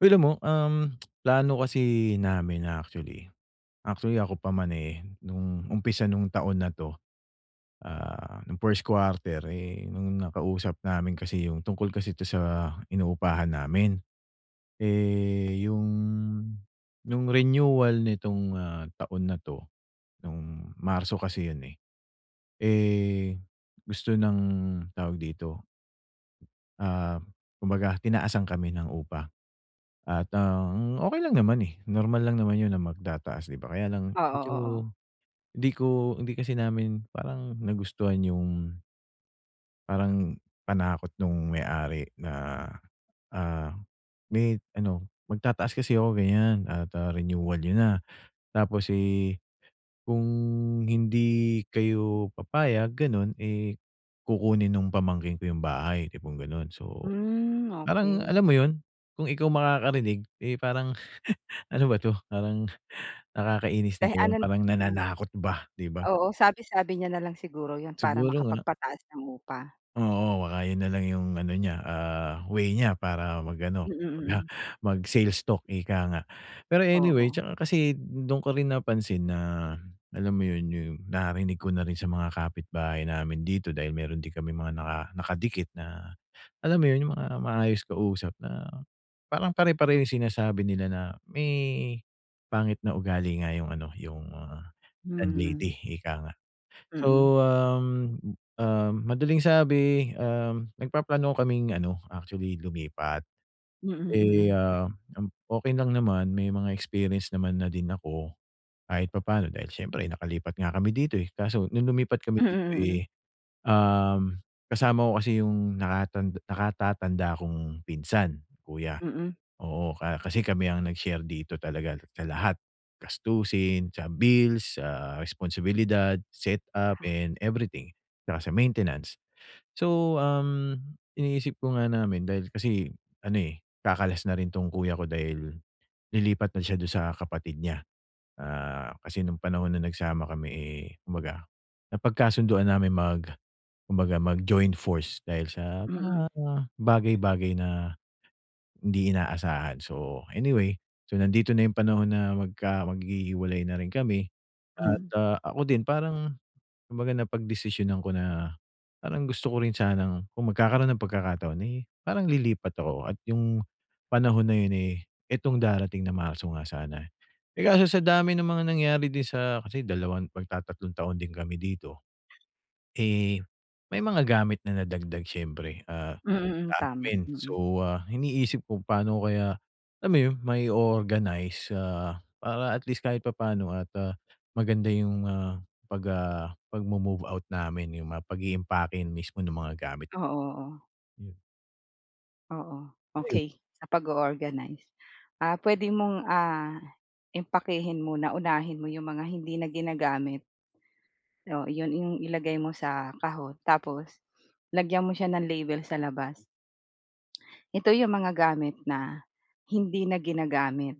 Uy, alam mo, um, plano kasi namin actually actually ako pa man, eh, nung umpisa nung taon na 'to, ah, nung first quarter, eh, nung nakausap namin kasi yung tungkol kasi ito sa inupahan namin. Eh, yung nung renewal nitong, ah, taon na 'to, nung Marso kasi yun, eh. Eh, gusto ng tawag dito ah, kumbaga tinaasan kami ng upa at ang okey lang naman, eh. Normal lang naman yun na magtataas, 'di ba? Kaya lang Oo, medyo oo. hindi ko hindi kasi namin parang nagustuhan yung parang panakot nung may-ari na, ah, may ano, "Magtataas kasi ako ganyan at, ah, renewal yun, ha. Tapos, eh, kung hindi kayo papayag, gano'n, eh, kukunin nung pamangkin ko yung bahay," tipong ganun. So, Hmm, parang okey. alam mo yun? Kung ikaw makakarinig, eh, parang ano ba 'to? Parang nakakainis na Dahil ano yung parang mm. nananakot ba, 'di ba? Oo, sabi-sabi niya na lang siguro 'yon para Siguro nga. makapagpataas ng upa. Oo, baka yun na lang yung ano niya, ah, way niya para mag-ano Mm, mag, ah, mm. mag sales talk, ika nga. Pero anyway, Oo. tsaka kasi dun ko rin napansin na alam mo yun, yung narinig ko na rin sa mga kapitbahay namin dito dahil meron di kami mga naka nakadikit na alam mo yun, yung mga maayos kausap na parang pare-pareho yung sinasabi nila na may pangit na ugali nga yung ano, yung, ah, Mm. landlady, ika nga. Mm. So, um, um, madaling sabi, um, nagpaplano kaming ano, actually, lumipat. Mm, Eh, mm. ah, m okey lang naman, may mga experience naman na din ako kahit papaano dahil siyempre nakalipat nga kami dito, eh. Kaso nung lumipat kami Mm, dito, mm. eh, um, kasama ko kasi yung naka nakatatanda kong pinsan. Kuya, Mm. oo. Ka kasi kami ang nag-share dito talaga sa lahat. Gastusin, sa bills, sa responsibilidad, set up Ha. and everything tsaka sa maintenance. So, um, iniisip ko nga namin dahil kasi ano, eh, kakalas na rin 'tong kuya ko dahil lilipat na siya dun sa kapatid niya. Ah, kasi nung panahon na nagsama kami, eh, kumbaga napagkasununduan namin mag kumbaga mag-join force dahil sa mga Mm. bagay-bagay na hindi inaasahan. So, anyway. So, nandito na yung panahon na magka maghihiwalay na rin kami at, Mm. ah, ako din parang kumbaga, napagdesisyonan ko na parang gusto ko rin sanang kung magkakaroon ng pagkakataon ay parang lilipat ako at yung panahon na yun, eh, itong darating na Marso nga sana. Eh, kaso sa dami ng mga nangyari din sa kasi dalawang magtatatlong taon din kami dito. Eh, may mga gamit na nadagdag, syempre. Ah, Mm, mm. madami Tama, din. mm. So, ah, iniisip kung paano kaya alam mo yun, mai-o-organize, ah, para at least kahit papaano at, ah, maganda yung, ah, pag, ah, pagmo-move out namin, yung mga pag-iimpake mismo ng mga gamit. Oo, oo. Hmm. Oo. Ano yun? Okey, sa pag-o-organize. Ah, pwede mong ah, impakehin muna unahin mo yung mga hindi na ginagamit. Oh iyon ing ilagay mo sa kahon. Tapos lagyan mo siya ng label sa labas. Ito yung mga gamit na, hindi na ginagamit,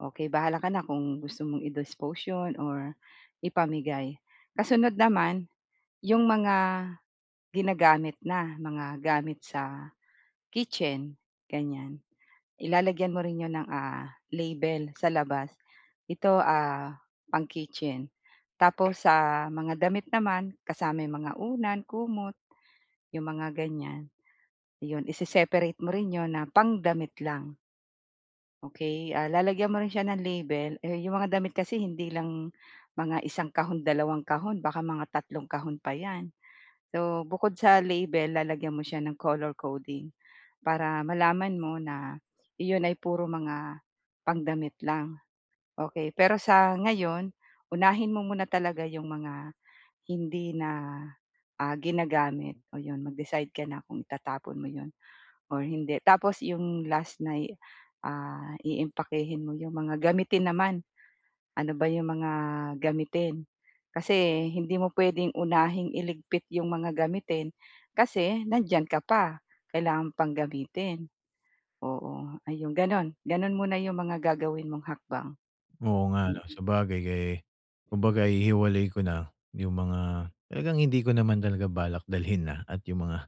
okey, bahala ka na kung gusto mong i-dispose yun or ipamigay, kasunod naman, yung mga, ginagamit na, mga gamit sa, kitchen, ganyan. I lalagyan mo rin iyon ng ah, label sa labas. Ito ah, pang-kitchen. Tapos sa mga damit naman, kasama yung mga unan, kumot, yung mga ganyan. yun i-se-separate mo rin yun na pang-damit lang. Okey ah, lalagyan mo rin siya ng label, eh, yung mga damit kasi hindi lang mga 1 kahon 2 kahon baka mga 3 kahon pa yan. So bukod sa label, lalagyan mo siya ng color coding. Para malaman mo na yun ay puro mga pangdamit lang. Okey, pero sa ngayon, unahin mo muna talaga yung mga hindi na, ah, ginagamit, oh 'yon mag-decide ka na kung itatapon mo 'yon or hindi. Tapos 'yong last na'y ah, iimpakehin mo 'yong mga gamitin naman, ano ba 'yong mga gamitin. Kasi hindi mo pwedeng unahing iligpit 'yong mga gamitin. Kasi, nandiyan ka pa, kailangan mo pang gamitin, oo. Ay, 'yong ganun, ganun muna iyong mga gagawin mong hakbang, Oo nga ano, Mm. sabagay kay kumbaga i-hiwalay ko na, yung mga talagang hindi ko naman talaga balak dalhin na, at yung mga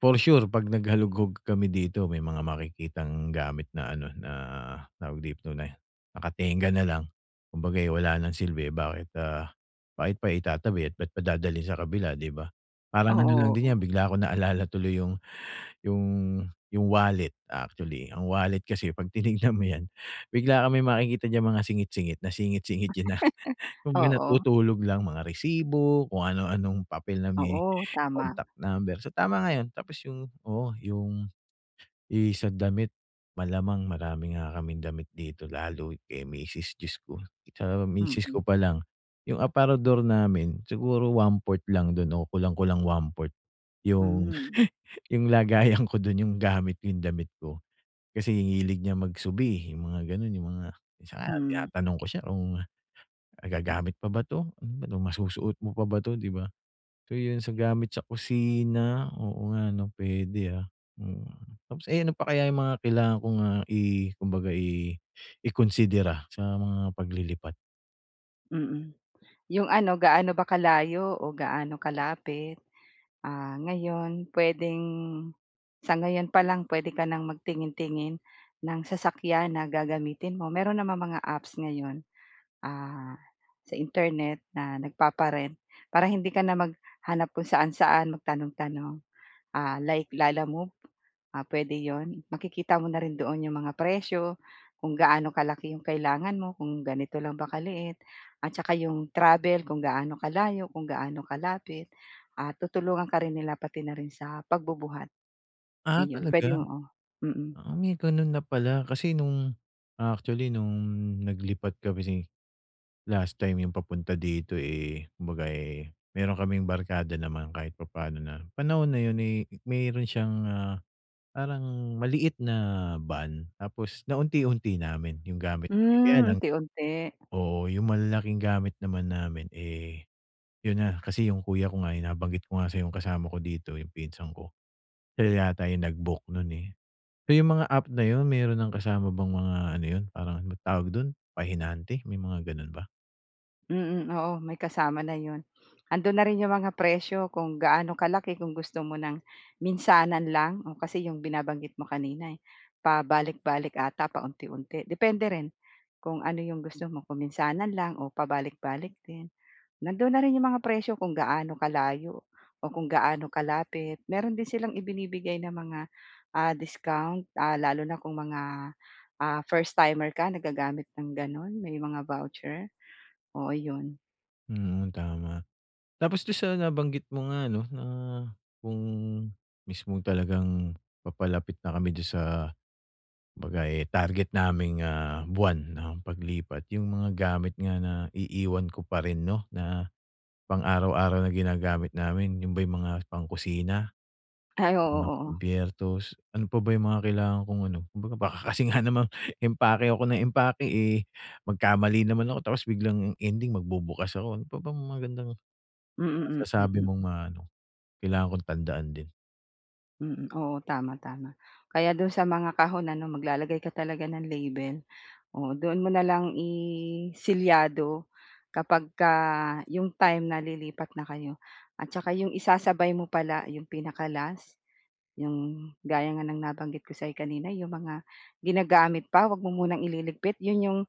for sure pag nag-halugog kami dito may mga makikitang gamit na ano, na, tawag dito na, naka-tengga na lang. Kumbaga ay wala ng silbi, bakit ah, bakit pa itatabi at bakit pa dadalhin sa kabila di ba, parang ano lang din yan Oo. bigla ko naalala tuloy yung, yung yung wallet. Actually ang wallet kasi pag tinignan mo yan bigla kang may makikita diyan mga singit-singit na singit-singit diyan na kumbaga Oo. natutulog lang mga resibo, kung ano anong papel na may Oo tama. contact number. So tama nga 'yon. Tapos yung, oo, yung sa damit malamang marami nga kaming damit dito lalo kay misis, Diyos ko, sa misis Mm. ko pa lang yung aparador namin siguro 1/4 lang dun o kulang-kulang 1/4 yung Hmm. yung lagayan ko dun yung gamit, yung damit ko. Kasi hilig niya mag-subi, yung mga ganun, yung mga minsan nga Hmm. tinatanong ko siya, kung magagamit pa ba ito? Ano masusuot mo pa ba ito? Di ba? So yun sa gamit sa kusina, oo nga ano pwede ah, hmm tapos, eh ano pa kaya yung mga kailangan kong ah, i kumbaga i i-konsidera sa mga paglilipat? Mm. 'Yong ano, gaano ba kalayo o gaano kalapit? Ah, ngayon pwedeng sa ngayon pa lang, pwede ka nang magtingin-tingin ng sasakyan na gagamitin mo. Mayro'n namang mga apps ngayon, ah, sa Internet na nagpapa-rent. Para hindi ka na maghanap kung saan-saan, magtanong-tanong, ah, like Lalamove, ah, pwede 'yon. Makikita mo na rin doon 'yong mga presyo, kung gaano kalaki 'yong kailangan mo, kung ganito lang ba kaliit at saka 'yong travel, kung gaano kalayo, kung gaano kalapit. Ah, tutulungan ka rin nila, pati na rin sa pagbubuhat. Ah, Ayun, pwede talaga? oo, mm. Ah, may ganun na pala. Kasi no'ng actually no'ng naglipat kami, last time yung papunta dito, eh, kumbaga, eh, meron kaming barkada naman kahit papano, na panahon na yun, eh, meron siyang, ah, parang maliit na van, tapos naunti-unti namin yung gamit namin. Kaya Hmm, lang unti-unti. oo, yung malalaking gamit naman namin, eh, 'yon na, kasi 'yong kuya ko nga ay nabanggit ko nga, sa 'yong kasama ko dito, 'yong pinsan ko. Sila yata yung nag-book no'n, eh. So 'yong mga app na 'yon, meron ng kasama bang mga ano 'yon, parang tawag do'n, pahinante? May mga ganun ba? Mm, oo, may kasama na 'yon. Andoon na rin yung mga presyo kung gaano kalaki, kung gusto mo ng minsanan lang. Oo, kasi yung binabanggit mo kanina eh pabalik-balik 'ata, paunti-unti. Depende rin kung ano yung gusto mo, kung minsanan lang o pabalik-balik din. Nandoon na rin yung mga presyo kung gaano kalayo o kung gaano kalapit. Mayroon din silang ibinibigay na mga, ah, discount, ah, lalo na kung mga, ah, first timer ka na gagamit ng gano'n, may mga voucher. Oo, yun. Mm, tama. Tapos dun sa nabanggit mo nga 'no na kung mismo talagang papalapit na kami dun sa, baga eh, target naming, ah, buwan ng paglipat, yung mga gamit nga na iiwan ko pa rin 'no na pang-araw-araw na ginagamit namin, yun ba yung mga pangkusina, Ay, oo, mga oo. kubyertos, ano pa ba yung mga kailangan kong ano. Kumbaga, baka kasi nga naman, empake ako ng empake eh, magkamali naman ako. Tapos biglang ending magbubukas ako. Ano pa ba magandang Mm, hmm, masasabi mm. mong mga ano, kailangan kong tandaan din? Mm. Oo, tama, tama. Kaya do'n sa mga kahon ano maglalagay ka talaga ng label. Oo, doon mo na lang i-selyado kapagka 'yong time na lilipat na kayo at tsaka 'yong isasabay mo pala 'yong pinaka-last, 'yong gaya nga ng nabanggit ko sa'yo kanina 'yong mga ginagamit pa 'wag mo munang ililigpit, 'yon 'yong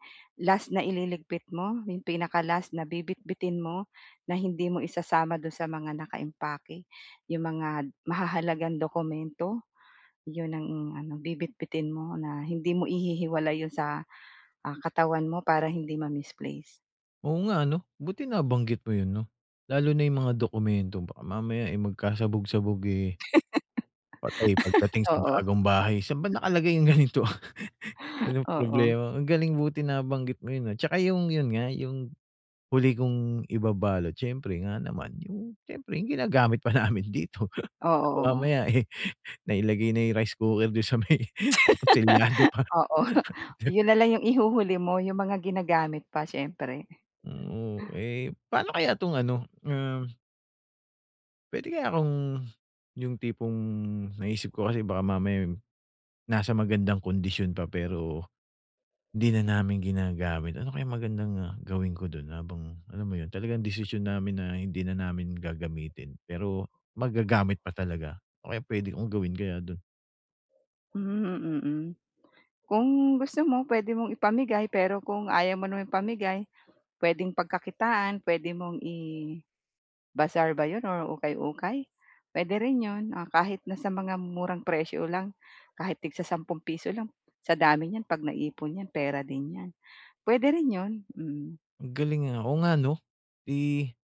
last na ililigpit mo, 'yong pinaka-last na bibitbitin mo, na hindi mo isasama do'n sa mga nakaimpake. 'Yong mga mahahalagang dokumento, 'yon ang ano bibitbitin mo na hindi mo ihihiwalay 'yon sa, ah, katawan mo para hindi ma-misplace. Oo nga, 'no. Buti nabanggit mo yun 'no, lalo na yung mga dokumento baka mamaya eh, magkasabog-sabog eh patay, pagdating sa Oo. bagong bahay. Saan ba nakalagay yung ganito? Yun ang Oo. problema, ang galing buti nabanggit mo yun ah, tsaka yung yun nga, yung huli kong ibabalot siyempre nga naman, yung siyempre yung ginagamit pa namin dito. Oo, oo. Mamaya eh, nailagay na yung rice cooker dun sa may, tapos selyado pa. Oo, yun nalang yung ihuhuli mo yung mga ginagamit pa, siyempre. Hmm, eh pano kaya tong ano, um. Puwede kaya akong, yung tipong naisip ko kasi baka mamaya, eh, nasa magandang kondisyon pa pero hindi na namin ginagamit. Ano kayang magandang, ah, gawin ko do'n habang alam mo 'yon talagang desisyon namin na hindi na namin gagamitin pero magagamit pa talaga, ano kaya puwede kong gawin kaya do'n? Mhm, mm, hmm. Kung gusto mo puwede mong ipamigay pero kung ayaw mo naman ipamigay puwedeng pagkakitaan puwede mong i-bazaar ba 'yon or ukay-ukay? Puwede rin 'yon, ah, kahit nasa mga murang presyo lang. Kahit tig sa-sampung piso lang. Sa dami niyan 'pag naipon 'yan pera din 'yan. Puwede rin 'yon. Mm. Ang galing, ah. Oo nga 'no? Eh,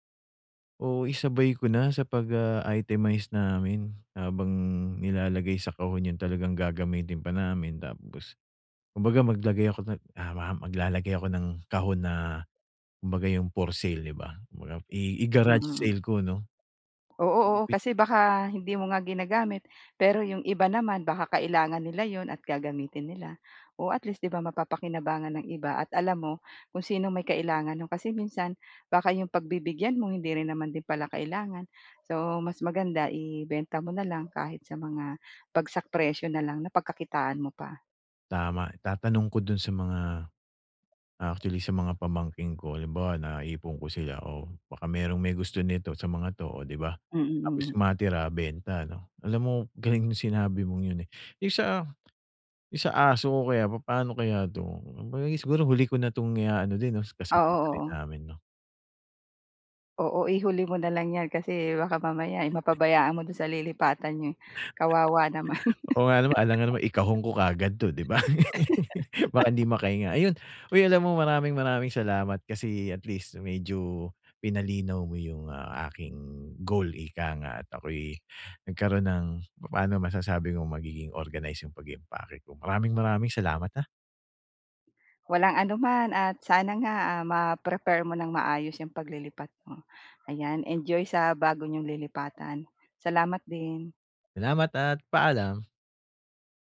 o isabay ko na sa pag, ah, itemize namin habang nilalagay sa kahon 'yon talagang gagamitin pa namin tapos, kumbaga maglagay ako ng tama maglalagay ako ng kahon na kumbaga yung for sale 'di ba? Kumabaga i Hmm, i-garage mm. sale ko 'no? Oo, oo [unintelligible] kasi baka hindi mo nga ginagamit pero 'yong iba naman baka kailangan nila 'yon at gagamitin nila. Oh, at least 'di ba mapapakinabangan ng iba at alam mo kung sinong may kailangan no'n. Kasi minsan baka 'yong pagbibigyan mo hindi rin naman din pala kailangan so, mas maganda ibenta mo na lang kahit sa mga bagsak presyo nalang. Napagkakitaan mo pa. Tama, itatanong ko do'n sa mga, actually sa mga pamangkin ko. Halimbawa naipon ko sila, oh, baka mayro'n may gusto nito sa mga 'to, oh, di ba? Mm, Tapos mm. matira benta 'no? Alam mo galing nung sinabi mong 'yon, eh. Yung sa, yung sa aso ko kaya papano kaya to? Kung kaya siguro huli ko na tong iaano din 'no, Oo, kasabay na rin oo. namin 'no? Oo, ihuli mo na lang 'yan kasi baka mamaya, eh, mapabayaan mo do'n sa lilipatan nyo, eh, kawawa naman. Oo nga naman. Alanagan namang ikahon ko kaagad to di ba? Baka hindi makahinga. Ayun, uy alam mo maraming maraming salamat kasi at least medyo pinalinaw mo yung, ah, aking goal ika nga at ako'y nagkaroon ng papano masasabi kong magiging organize yung pag-i-impake ko. Maraming, maraming salamat ha? Walang anuman at sana nga, ah, ma-prepare mo ng maayos 'yang paglilipat mo. Ayan, enjoy sa bago nyong lilipatan. Salamat din. Salamat at paalam.